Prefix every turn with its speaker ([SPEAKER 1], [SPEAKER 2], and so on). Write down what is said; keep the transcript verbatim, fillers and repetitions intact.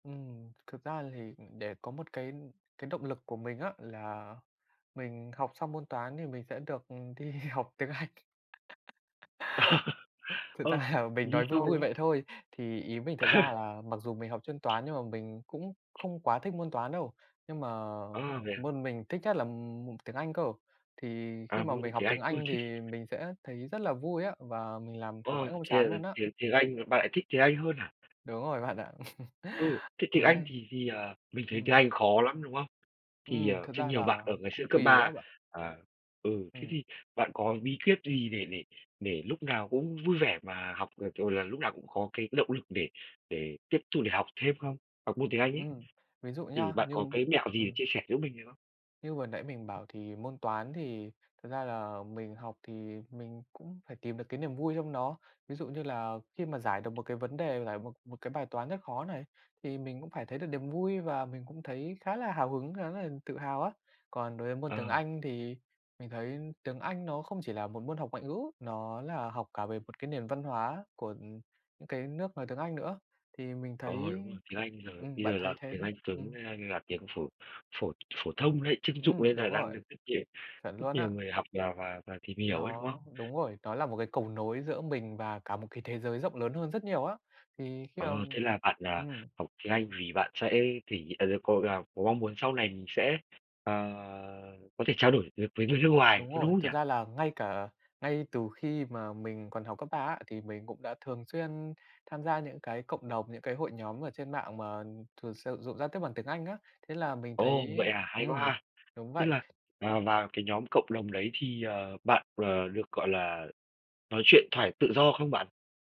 [SPEAKER 1] Ừm. Thực ra thì, ừm, để có một cái cái động lực của mình á, là mình học xong môn Toán thì mình sẽ được, ừm, đi học tiếng Anh. Thực
[SPEAKER 2] Ờ,
[SPEAKER 1] ra là mình
[SPEAKER 2] ly
[SPEAKER 1] nói vui
[SPEAKER 2] sau,
[SPEAKER 1] vui
[SPEAKER 2] đúng không?
[SPEAKER 1] vậy thôi. Thì ý mình thật ra là mặc dù mình học chuyên toán nhưng mà mình cũng không quá thích môn toán đâu, nhưng mà
[SPEAKER 2] Ơ, vậy à?
[SPEAKER 1] môn mình thích nhất là, ừm, tiếng Anh cơ. Thì khi
[SPEAKER 2] À,
[SPEAKER 1] mà
[SPEAKER 2] vâng
[SPEAKER 1] mình học
[SPEAKER 2] tiếng Anh.
[SPEAKER 1] tiếng
[SPEAKER 2] Ừ,
[SPEAKER 1] Anh
[SPEAKER 2] thích.
[SPEAKER 1] thì mình sẽ thấy rất là vui á, và mình làm học
[SPEAKER 2] Ồ,
[SPEAKER 1] mãi không
[SPEAKER 2] thế
[SPEAKER 1] chán
[SPEAKER 2] là
[SPEAKER 1] luôn á.
[SPEAKER 2] tiếng tiếng Anh, bạn lại thích tiếng Anh hơn hả?
[SPEAKER 1] Đúng rồi bạn ạ.
[SPEAKER 2] Ừ, thế tiếng
[SPEAKER 1] Thế
[SPEAKER 2] Anh
[SPEAKER 1] nên
[SPEAKER 2] thì thì, ờ, mình thấy tiếng
[SPEAKER 1] ừm.
[SPEAKER 2] Anh khó lắm, đúng không? Thì,
[SPEAKER 1] Ừm,
[SPEAKER 2] ờ,
[SPEAKER 1] thực
[SPEAKER 2] sẽ
[SPEAKER 1] ra
[SPEAKER 2] nhiều bạn
[SPEAKER 1] là
[SPEAKER 2] ở ngày xưa
[SPEAKER 1] cũng
[SPEAKER 2] cấp
[SPEAKER 1] tùy á
[SPEAKER 2] ba
[SPEAKER 1] bạn.
[SPEAKER 2] à, ừ, thế
[SPEAKER 1] Ừm.
[SPEAKER 2] thì bạn có bí quyết gì để để để lúc nào cũng vui vẻ mà học được, rồi là lúc nào cũng có cái động lực để để tiếp tục để học thêm không? Học môn tiếng Anh ấy.
[SPEAKER 1] Ừm, ví dụ
[SPEAKER 2] Thì
[SPEAKER 1] nha,
[SPEAKER 2] bạn
[SPEAKER 1] như
[SPEAKER 2] có cái mẹo gì để
[SPEAKER 1] ừm.
[SPEAKER 2] chia sẻ giúp mình được không?
[SPEAKER 1] Như vừa nãy mình bảo thì môn Toán thì thật ra là mình học thì mình cũng phải tìm được cái niềm vui trong nó. Ví dụ như là khi mà giải được một cái vấn đề, giải một một cái bài toán rất khó này thì mình cũng phải thấy được niềm vui và mình cũng thấy khá là hào hứng, khá là tự hào á. Còn đối với môn tiếng
[SPEAKER 2] Ờ.
[SPEAKER 1] Anh thì mình thấy tiếng Anh nó không chỉ là một môn học ngoại ngữ, nó là học cả về một cái nền văn hóa của, ừm, những cái nước nói tiếng Anh nữa thì mình
[SPEAKER 2] Ờ,
[SPEAKER 1] thấy,
[SPEAKER 2] đúng rồi, tiếng Anh là
[SPEAKER 1] ừm,
[SPEAKER 2] bây
[SPEAKER 1] bạn
[SPEAKER 2] giờ
[SPEAKER 1] thấy
[SPEAKER 2] là
[SPEAKER 1] thế,
[SPEAKER 2] tiếng
[SPEAKER 1] đúng
[SPEAKER 2] Anh
[SPEAKER 1] không?
[SPEAKER 2] cứng
[SPEAKER 1] Ừm.
[SPEAKER 2] tiếng Anh như là tiếng phổ phổ phổ thông đấy, trưng dụng đấy
[SPEAKER 1] Ừm,
[SPEAKER 2] là
[SPEAKER 1] đúng
[SPEAKER 2] đang
[SPEAKER 1] rồi.
[SPEAKER 2] được rất nhiều
[SPEAKER 1] Chuẩn
[SPEAKER 2] rất
[SPEAKER 1] luôn
[SPEAKER 2] nhiều
[SPEAKER 1] á.
[SPEAKER 2] người học và và và tìm hiểu ấy, đúng không?
[SPEAKER 1] Nó đúng rồi, nó là một cái cầu nối giữa mình và cả một cái thế giới rộng lớn hơn rất nhiều á. Thì khi mà
[SPEAKER 2] Ờ, thế là bạn, à,
[SPEAKER 1] ừm.
[SPEAKER 2] học tiếng Anh vì bạn sẽ thể hiện à, đâu có là có mong muốn sau này mình sẽ, ờ, có thể trao đổi được với người nước ngoài,
[SPEAKER 1] Đúng
[SPEAKER 2] có
[SPEAKER 1] rồi,
[SPEAKER 2] đúng không nhỉ?
[SPEAKER 1] thực ra là ngay cả ngay từ khi mà mình còn học cấp ba á, thì mình cũng đã thường xuyên tham gia những cái cộng đồng, những cái hội nhóm ở trên mạng mà thường sử dụng giao tiếp bằng tiếng Anh á. Thế là mình
[SPEAKER 2] Ồ,
[SPEAKER 1] thấy
[SPEAKER 2] vậy à, hay quá
[SPEAKER 1] ừm,
[SPEAKER 2] ha.
[SPEAKER 1] đúng
[SPEAKER 2] Thế là,
[SPEAKER 1] vậy.
[SPEAKER 2] à, vào cái nhóm cộng đồng đấy thì, ờ, bạn, ờ, được, gọi là, nói chuyện thoải tự do không bạn?